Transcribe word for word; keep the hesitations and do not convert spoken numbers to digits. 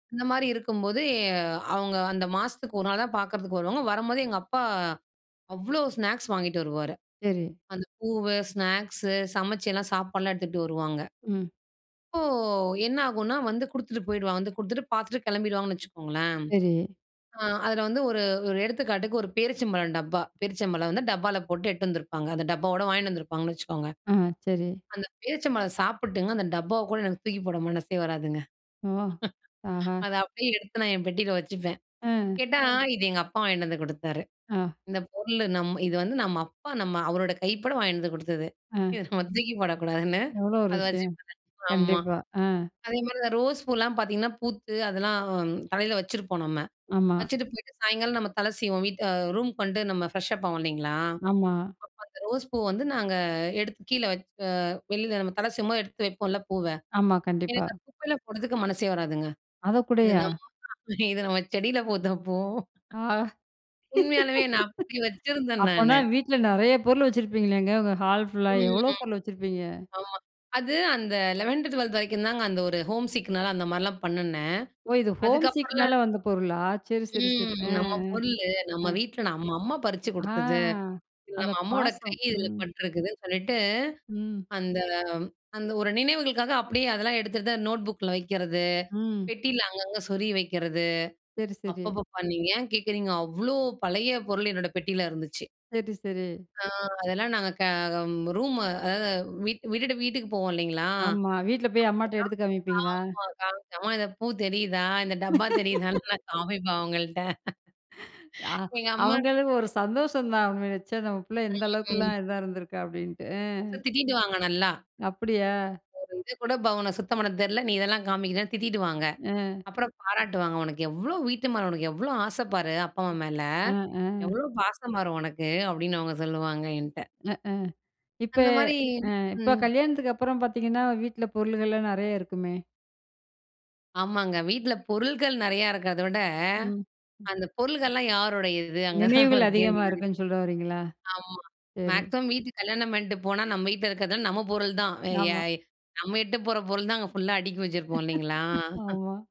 இந்த மாரி இருக்கும்போது, எ அவங்க அந்த மாசத்துக்கு ஒரு நாள் தான் பார்க்கறதுக்கு வருவாங்க. வரும்போது எங்க அப்பா, அவ்வளோ ஸ்நாக்ஸ் வாங்கிட்டு வருவாரு. சரி. அந்த பூவு, ஸ்நாக்ஸு சமைச்சு எல்லாம் சாப்பாடுலாம் எடுத்துட்டு வருவாங்க. ம். அப்போ, என்ன ஆகுனா, வந்து குடுத்துட்டு போயிடுவான், வந்து குடுத்துட்டு பார்த்துட்டு கெளம்பிடுவாங்கன்னு வச்சுக்கோங்களேன். சரி. ஆ அதுல வந்து, ஒரு ஒரு எடுத்துக்காட்டுக்கு ஒரு பேரீச்சம்பழம் டப்பா. பேரீச்சம்பழம் வந்து டப்பால போட்டு எட்டு வந்திருப்பாங்க. அந்த டப்பாவோடு வாங்கீட்டு வந்துருப்பாங்கனு வச்சுக்கோங்க. ஆ, சரி. அந்த பேரிச்சம்பழம் சாப்பிட்டுங்க அந்த டப்பாவை கூட எனக்கு தூக்கி போட மனசே வராதுங்க. ஓஹ், ஆஹா. அத அப்படியே எடுத்து நான் என் பெட்டியில வச்சுப்பேன். ஆ. கேட்டா, "இது எங்க அப்பா வாங்கிட்டு வந்து குடுத்தாரு. ஆ. இந்த பொருள் நம் இது வந்து நம்ம அப்பா நம்ம அவரோட கைப்பட வாங்கிட்டு வந்து குடுத்தது. ஆ. இத நம்ம தூக்கி போடக்கூடாதுன்னு" எவ்வளோ ஒரு அத விஷயம், வச்சுபேன். ஆமா. கண்டிப்பா, ஆ. அதே மாரி இந்த ரோஸ் பூவல்லாம் பாத்தீங்கன்னா, பூத்து அதெல்லாம் தலையில வச்சுருப்போம் நம்ம, ஆமா. வச்சுட்டு போய்ட்டு சாயங்காலம் நம்ம தலை சீவோம் வீட் ரூம்க்கு வந்துட்டு நம்ம ஃப்ரெஷ் அப் ஆவோம் இல்லைங்களா? அப்ப ஆமா. அந்த ரோஸ் பூ வந்து நாங்க எடுத்து கீழ வச்சு அ வெளியில நம்ம தல சீவும் போது எடுத்து வைப்போம்ல பூவ, ஆமா. கண்டிப்பா. எனக்கு அந்த குப்பையெல்லாம் போடுறதுக்கு மனசே வராதுங்க. இது அதக்கூடயா? இது நம்ம செடியில பூத்த பூ. ஆ. உண்மையாலுமே, நான், அப்படி வச்சிருந்தேன் அப்பனா, நானு. வீட்ல நிறைய பொருள் வச்சிருப்பிங்களேங்க, உங்கள் ஹால் ஃபுல்லா, ம். எவ்வளோ பொருள் வச்சிருப்பீங்க. ஆமா. அது, அந்த லெவன்த், டுவல்த் வரைக்கும் தாங்க அந்த ஒரு ஹோம்சிக்னால அந்த மாரிலாம் பண்ணுனேன். ஓ, இது, ஹோம் சிக்னால அதுக்கப்புறலாம் வந்த பொருளா, சரி, சரி, சரி. ம் ஆ. "நம்ம பொருளு, ஆ. நம்ம ஆ. வீட்ல நம்ம அம்மா பறிச்சு ஆ, குடுத்தது. இல்ல அத நம்ம அம்மாவோட கை பாசம். இதில ம். பட்டிருக்குதுன்னு" சொல்லிட்டு ம். அந்த அந்த ஒரு நினைவுகளுக்காக அப்படியே அதெல்லாம் எடுத்துட்டு தான் நோட் புக்குல வைக்கிறது, ம். பெட்டியில அங்கங்கே சொறி வைக்கிறது. சரி, சரி. அப்பப்பப்பா! நீங்க ஏன் கேட்குறீங்க, அவ்வளோ பழைய பொருள் என்னோட பெட்டியில இருந்துச்சு. சரி, சரி. ஆ அதெல்லாம் நாங்க கே ம் ரூம் அதாவது, வீட்டு விட்டுட்டு வீட்டுக்கு போவோம் இல்லைங்களா, ஆமா. வீட்ல போய், அம்மாட்ட எடுத்து அப்ப தான், காமிப்பீங்களா? ஆமா காமிச்சேன். "அம்மா இந்த பூ தெரியுதா? இந்த டப்பா தெரியுதான்னு?" நான் காமிப்பேன் அவங்கள்ட்ட. ஆ. எங்க அம்மா அவங்களு ஒரு சந்தோஷம் தான், "ச்ச, நம்ம பிள்ள எந்த ம். அளவுக்குலாம் இதா இருந்திருக்கா" அப்படின்ட்டு. அ, [unintelligible] திட்டிடுவாங்க நல்லா. அப்படியா? "ஒரு இது கூட [unintelligible] சுத்தம் பண்ண தெரியல. நீ இதெல்லாம் காமிக்கிறன்னு" திட்டிடு வாங்க ம். அப்புறம் பாராட்டுவாங்க. "உனக்கு எவ்வளோ வீட்டு மேல உனக்கு எவ்வளோ ஆசை பாரு! அப்பா, அம்மா மேல! அ, ஆ. எவ்வளோ பாசமாரு உனக்கு." அப்படின்னு அவங்க சொல்வாங்க என்ட்ட. அ, அ, இப்ப அந்த மாரி அ, இப்ப அ ம். கல்யாணத்துக்கு அப்புறம் பாத்தீங்கன்னா, வீட்ல பொருள்கள்லாம் நெறையா இருக்குமே. ஆமாங்க. வீட்ல பொருள்கள் நெறையா இருக்கறத விட, ம். ம். அந்த பொருள்கள்லாம் யாருடையது அங்கேதான் நினைவுகள் ஒரு கேள்வி? அதிகமா இருக்குன்னு சொல்ல வரீங்களா? ஆமா. சரி. மேக்ஸிமம் வீட்டுக்கு கல்யாணம் பண்ணிட்டு போனா நம்ம வீட்ல இருக்கிறதெல்லாம் நம்ம பொருள் தான். வே ய ஆமா. நம்ம இட்டு போற பொருள் தான் அங்க ஃபுல்லா அடுக்கி வச்சிருப்போம் இல்லங்களா. ஆமா.